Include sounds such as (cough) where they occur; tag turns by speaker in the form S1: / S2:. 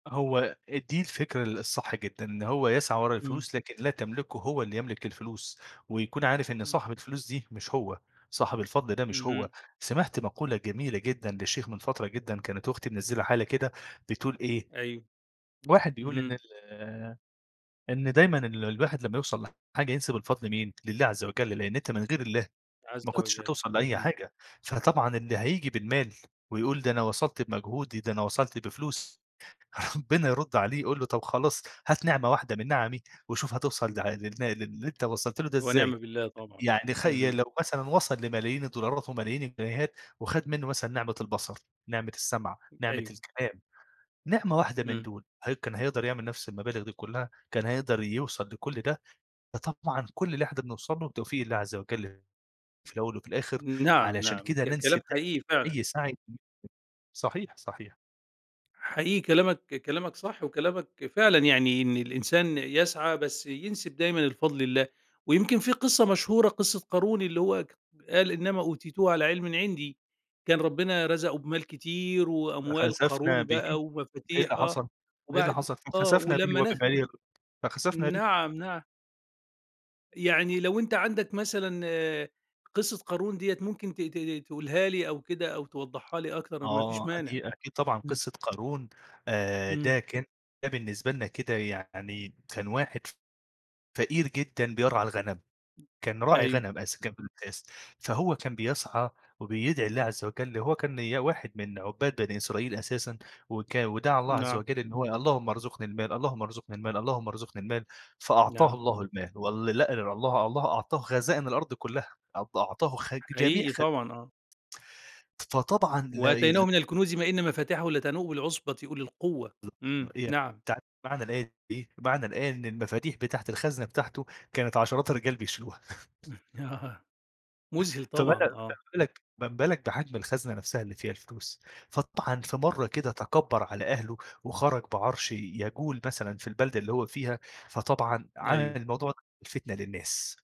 S1: هو إ دي الفكرة ال الصح جدًا، إن هو يسعى ورا
S2: إمم.
S1: الفلوس لكن لا تملكه هو اللي يملك الفلوس، ويكون عارف إن
S2: إمم.
S1: صاحب الفلوس دي مش هو، صاحب الفضل ده مش هو،
S2: اهم.
S1: سمِعت مقولة جميلة جدًا لشيخ من فترة جدًا كانت أختي منزّلة حالة كده، بتقول إيه،
S2: أيوه،
S1: واحد بيقول إن
S2: اهم.
S1: ال إن دايمًا ال الواحد لمّا يوصَل لحاجة ينسب الفضل لمين، لله عزّ وجَل، لإن أنت من غير الله
S2: عزّ
S1: ما كنتش
S2: وجَل،
S1: هتوصَل لأي
S2: اهم.
S1: حاجة، فطبعًا اللي هييجي بالمال ويقول ده أنا وصَلت بمجهودي، ده أنا وصَلت بفلوس، (chuckles) ربنا يرُد عليه يقول له: "طَب خلاص هات نِعمة واحدة من نِعمي وشوف هتوصَل لع لل للي أنت وصَلت له ده
S2: ونعم
S1: إزاي"
S2: بالله طبعًا،
S1: يعني خيّ
S2: اهم.
S1: لو مثلًا وصَل لملايين الدولارات وملايين الجنيهات، وخَد منّه مثلًا نِعمة البصر، نِعمة السمع،
S2: امم،
S1: نِعمة
S2: أيوه.
S1: الكلام، نِعمة واحدة من
S2: إمم.
S1: دُول، هل كان هيقدَر يعمل نَفْس المبالغ دي كلّها؟ كان هيقدَر يوصَل لكلّ ده؟ فطبعًا كلّ اللي إحنا بنوصَل له بتوفيق الله عزّ وجَل، في الأول وفي الآخر
S2: نَعَم
S1: علشان
S2: نَعَم
S1: كده
S2: ك
S1: ننسب
S2: كلام حقيقي
S1: دايمًا
S2: فعلًا.
S1: أي سَعي (unintelligible) صحيح، صحيح.
S2: حقيقي كلامك كلامك صح، وكلامك فعلًا يعني إن الإنسان يسعى بس ينسب دايمًا الفضل لله، ويمكن في قِصّة مشهورة قِصّة قارون اللي هو ك قال: "إِنَّمَا أُوتِيتُهُ عَلَىٰ عِلْمٍ عِندِي" كان ربنا رَزَقه بمال كتير وأموال
S1: فَخَسَفْنَا
S2: قارون
S1: بِهِ
S2: بقى
S1: إيه
S2: ومفاتيح
S1: اللي
S2: آه،
S1: حصَل إيه اللي
S2: وبَعد
S1: حصَل؟
S2: آه
S1: فَخَسَفْنَا بِهِ
S2: ولمّا نه
S1: وَبِدَارِهِ (unintelligible) فَخَسَفْنَا بِهِ.
S2: نَعَم نَعَم. يعني لو أنت عَندك مثلًا، قِصّة قارون دِيَّة ممكن ت ت ت تقولها لي أو كده، أو توضّحها لي أكتر ما فيش
S1: آه
S2: مانع.
S1: أكي أكيد طبعًا
S2: إمم.
S1: قِصّة قارون، آآ
S2: إمم.
S1: ده كان ده بالنسبة لنا كده يعني كان واحد ف فقير جدًا بيرعى الغنم،
S2: (unintelligible)
S1: كان راعي
S2: أيوه.
S1: غنم أس كان في الأساس، فهو كان بيسعى وبيدعي الله عزّ وجَل هو كان نيا واحد من عُبّاد بني إسرائيل أساسًا، وكا ودعى الله عزّ
S2: نَعَم.
S1: وجَل إن هو، اللهم ارزقني المال، اللهم ارزقني المال، اللهم ارزقني المال، فأعطاه
S2: نَعَم
S1: الله
S2: نَعَم.
S1: المال، وال لأ الله الله أعطاه خزائن الأرض كلّها أعط أعطاه خج جميع
S2: حقيقي
S1: خ
S2: طبعًا آه.
S1: فطبعًا لا يل
S2: "وَآتَيْنَاهُ مِنَ الْكُنُوزِ مَا إِنَّ مَفَاتِحَهُ لَتَنُوءُ بِالْعُصْبَةِ أُولِي الْقُوَّةِ." إمم.
S1: (unintelligible)
S2: نَعَم.
S1: تعرف معنى الآية دي إيه؟ معني الآية إن المفاتيح بتاعة الخزنة بتاعته، كانت عشرات الرجال بيشيلوها. (chuckles)
S2: آه، مُذهِل طبعًا، آه.
S1: (unintelligible) ما بالك بحجم الخزنة نَفْسها اللي فيها الفلوس، فطبعًا في
S2: (unintelligible)
S1: مَرّة كده تكبّر على أهله، وخرَج بعَرش ي يجول مثلًا في البلدة اللي هو فيها، فطبعًا عمل
S2: أيوه.
S1: الموضوع ده الفتنة للناس.